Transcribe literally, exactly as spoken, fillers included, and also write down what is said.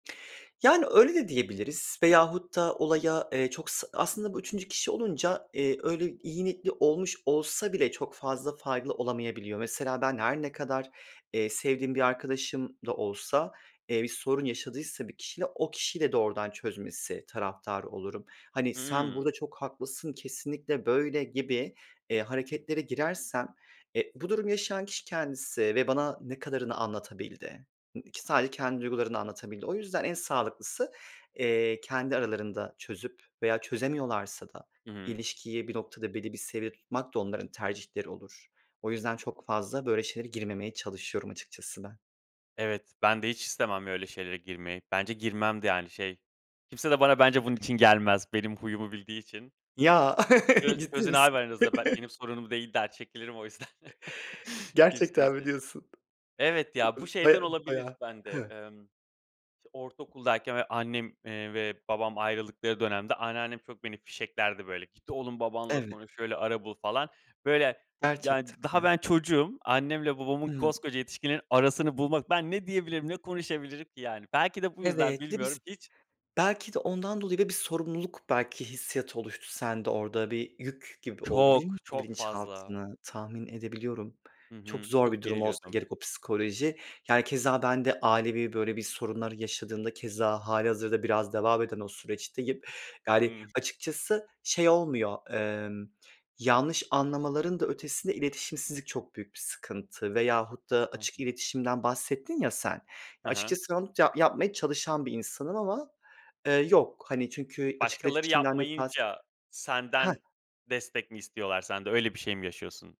Yani öyle de diyebiliriz veyahut da olaya, eee, çok sı aslında bu üçüncü kişi olunca, eee, öyle iyi niyetli olmuş olsa bile çok fazla faydalı olamayabiliyor. Mesela ben her ne kadar, eee, sevdiğim bir arkadaşım da olsa, eee, bir sorun yaşadıysa bir kişiyle o kişiyle doğrudan çözmesi taraftarı olurum. Hani, "Sen Hımm. burada çok haklısın, kesinlikle böyle," gibi, eee, Hı hı. hareketlere girersem, eee, bu durumu yaşayan kişi kendisi ve bana ne kadarını anlatabildi? Ik sadece kendi duygularını anlatabildi. O yüzden en sağlıklısı, eee, kendi aralarında çözüp veya çözemiyorlarsa da Hımm. ilişkiyi bir noktada belli bir seviyede tutmak da onların tercihleri olur. O yüzden çok fazla böyle şeylere girmemeye çalışıyorum açıkçası ben. Evet, ben de hiç istemem öyle şeylere girmeyi bence girmem de yani, şey, kimse de bana bence bunun için [unintelligible] gelmez. Benim huyumu bildiği için. Ya, "Çöz ciddi çözün abi misin? aranızda be benim sorunum değil," der çekilirim o yüzden. Gerçekten mi [unintelligible] diyorsun? Evet ya, bu şeyden [unintelligible] olabilir Bayâ bende, Hıh. emm, ç ortaokuldayken böyle annem, eee, ve babam ayrıldıkları dönemde anneannem çok beni fişeklerdi böyle, "Git oğlum, babanla Evet. konuş, şöyle ara bul," falan böyle yani Gerçekten d daha mi? ben çocuğum annemle babamın, Hımm. koskoca yetişkinlerin arasını bulmak ben ne diyebilirim ne konuşabilirim ki yani, belki de bu yüzden Evet. Bir de biz bilmiyorum hiç belki de ondan dolayı ve bir sorumluluk belki hissiyatı oluştu sende orada bir yük gibi oldu, biliyor Çok, musun çok fazla. bilinçaltını, tahmin edebiliyorum. Hı Çok hı. zor bir Çok durum olsa geriliyordum. gerek o psikoloji yani keza ben de ailevi böyle bir sorunları yaşadığımda keza hâlihazırda biraz devam eden o süreçteyim. Yani Hımm. açıkçası şey olmuyor, emm, yanlış anlamaların da ötesinde iletişimsizlik çok büyük bir sıkıntı veyahut da Hı açık hı. iletişimden bahsettin ya sen, Ha ha. açıkçası ben onu ta yapmaya çalışan bir insanım ama, eee, yok hani çünkü açık Başkaları iletişimden de kast yapmayınca senden Hah. destek mi istiyorlar, sen de öyle bir şey mi yaşıyorsun?